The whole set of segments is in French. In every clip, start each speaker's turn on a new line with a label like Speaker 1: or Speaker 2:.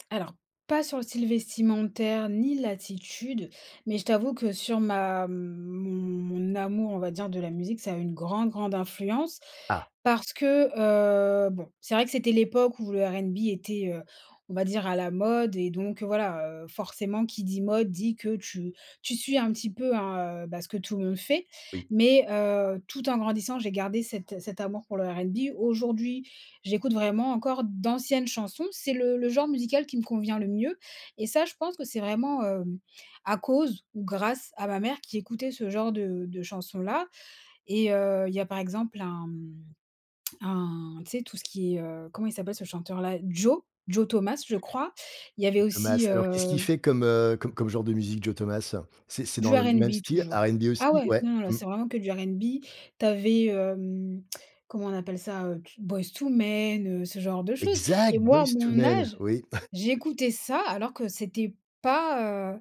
Speaker 1: Alors, pas sur le style vestimentaire, ni l'attitude. Mais je t'avoue que sur ma mon mon mon amour, on va dire, de la musique, ça a une grande, grande influence,
Speaker 2: Ah.
Speaker 1: parce que, heu bon, c'est vrai que c'était l'époque où le R&B était, heu, on va dire, à la mode. Et donc, heu, voilà, heu, forcément, qui dit mode dit que tu tu suis un petit peu, hein, heu, bah, ce que tout le monde fait.
Speaker 2: Oui.
Speaker 1: Mais, heu, tout en grandissant, j'ai gardé cet cet amour pour le R&B. Aujourd'hui, j'écoute vraiment encore d'anciennes chansons. C'est le le genre musical qui me convient le mieux. Et ça, je pense que c'est vraiment, heu, à cause ou grâce à ma mère qui écoutait ce genre de de chansons-là. Et, heu, il y a, par exemple, un, hem, un tu sais, tout ce qui est, heu comment il s'appelle ce chanteur-là? Joe, Joe Thomas, je crois. Il y avait
Speaker 2: Joe
Speaker 1: aussi,
Speaker 2: Thomas, alors qu'est-ce qu'il
Speaker 1: heu
Speaker 2: fait comme, heu, comme comme genre de musique, Joe Thomas? C'est c'est
Speaker 1: Du
Speaker 2: dans le même
Speaker 1: R&B,
Speaker 2: style,
Speaker 1: toujours.
Speaker 2: R&B
Speaker 1: Ah
Speaker 2: aussi?
Speaker 1: ouais,
Speaker 2: Ouais.
Speaker 1: non, non, là,
Speaker 2: Mmh.
Speaker 1: c'est vraiment que du R&B. Tu avais, hem, comment on appelle ça? Heu, t Boyz II Men, heu, ce genre de choses. Et
Speaker 2: Exact!
Speaker 1: moi, à
Speaker 2: Boyz II
Speaker 1: mon
Speaker 2: Men.
Speaker 1: âge,
Speaker 2: Oui.
Speaker 1: j'écoutais ça, alors que c'était pas, heu,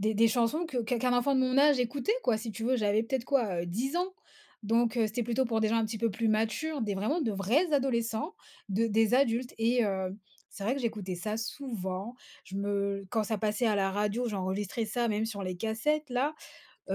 Speaker 1: des des chansons que qu'un qu'un enfant de mon âge écoutait, quoi. Si tu veux, j'avais peut-être quoi, heu, 10 ans. Donc, heu, c'était plutôt pour des gens un petit peu plus matures, des vraiment de vrais adolescents, de des adultes. Et, heu, c'est vrai que j'écoutais ça souvent. Je me quand ça passait à la radio, j'enregistrais ça, même sur les cassettes-là.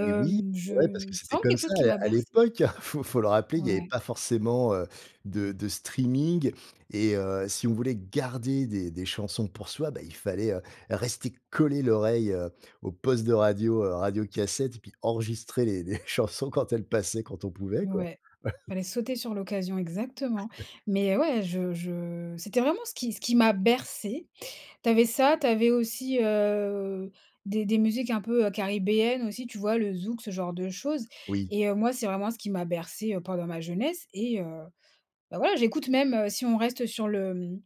Speaker 2: Oui, oui,
Speaker 1: je
Speaker 2: ouais, parce que
Speaker 1: c'est
Speaker 2: c'était
Speaker 1: vraiment
Speaker 2: comme
Speaker 1: quelque
Speaker 2: ça,
Speaker 1: chose qui m'a
Speaker 2: à à
Speaker 1: bercée.
Speaker 2: l'époque, faut faut le rappeler, il y avait
Speaker 1: Ouais.
Speaker 2: pas forcément, heu, de de streaming. Et heu, si on voulait garder des des chansons pour soi, bah, il fallait, heu, rester coller l'oreille au poste de radio, heu, radio cassette et puis enregistrer les les chansons quand elles passaient, quand on pouvait, quoi.
Speaker 1: Ouais, fallait sauter sur l'occasion, exactement. Mais ouais, je je c'était vraiment ce qui ce qui m'a bercée. Tu avais ça, tu avais aussi, heu, des des musiques un peu, heu, caribéennes aussi, tu vois? Le zouk, ce genre de choses.
Speaker 2: Oui.
Speaker 1: Et heu, moi, c'est vraiment ce qui m'a bercée, heu, pendant ma jeunesse. Et heu, bah, voilà, j'écoute même heu, si on reste sur le, hem,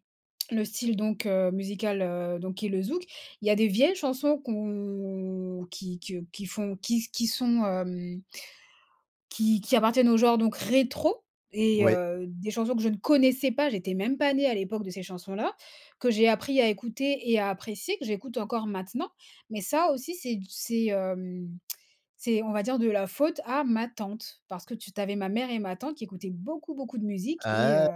Speaker 1: le style donc, heu, musical, heu, donc qui est le zouk, il y a des vieilles chansons qu' on qui que qui font qui qui sont hem, qui qui appartiennent au genre donc rétro et,
Speaker 2: Ouais.
Speaker 1: heu, des chansons que je ne connaissais pas. J'étais même pas née à l'époque de ces chansons-là, que j'ai appris à écouter et à apprécier, que j'écoute encore maintenant. Mais ça, aussi, c'est d c'est, hem, c'est on va dire, de la faute à ma tante, parce que tu tu avais ma mère et ma tante qui écoutaient beaucoup, beaucoup de musique et,
Speaker 2: Ah!
Speaker 1: heu,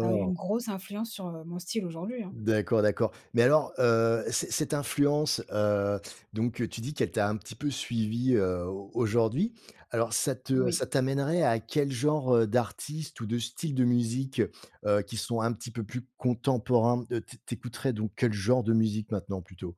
Speaker 1: ça a eu une grosse influence sur, heu, mon style aujourd'hui, hein.
Speaker 2: D'accord, d'accord mais alors, heu, cet cette influence, heu, donc, heu, tu dis qu'elle t'a un petit peu suivie, heu, au aujourd'hui. Alors, ça te
Speaker 1: Oui.
Speaker 2: ça t'amènerait à quel genre, heu, d'artistes ou de styles de musique, heu, qui sont un petit peu plus contemporains? Heu, tu tu écouterais, donc, quel genre de musique maintenant, plutôt?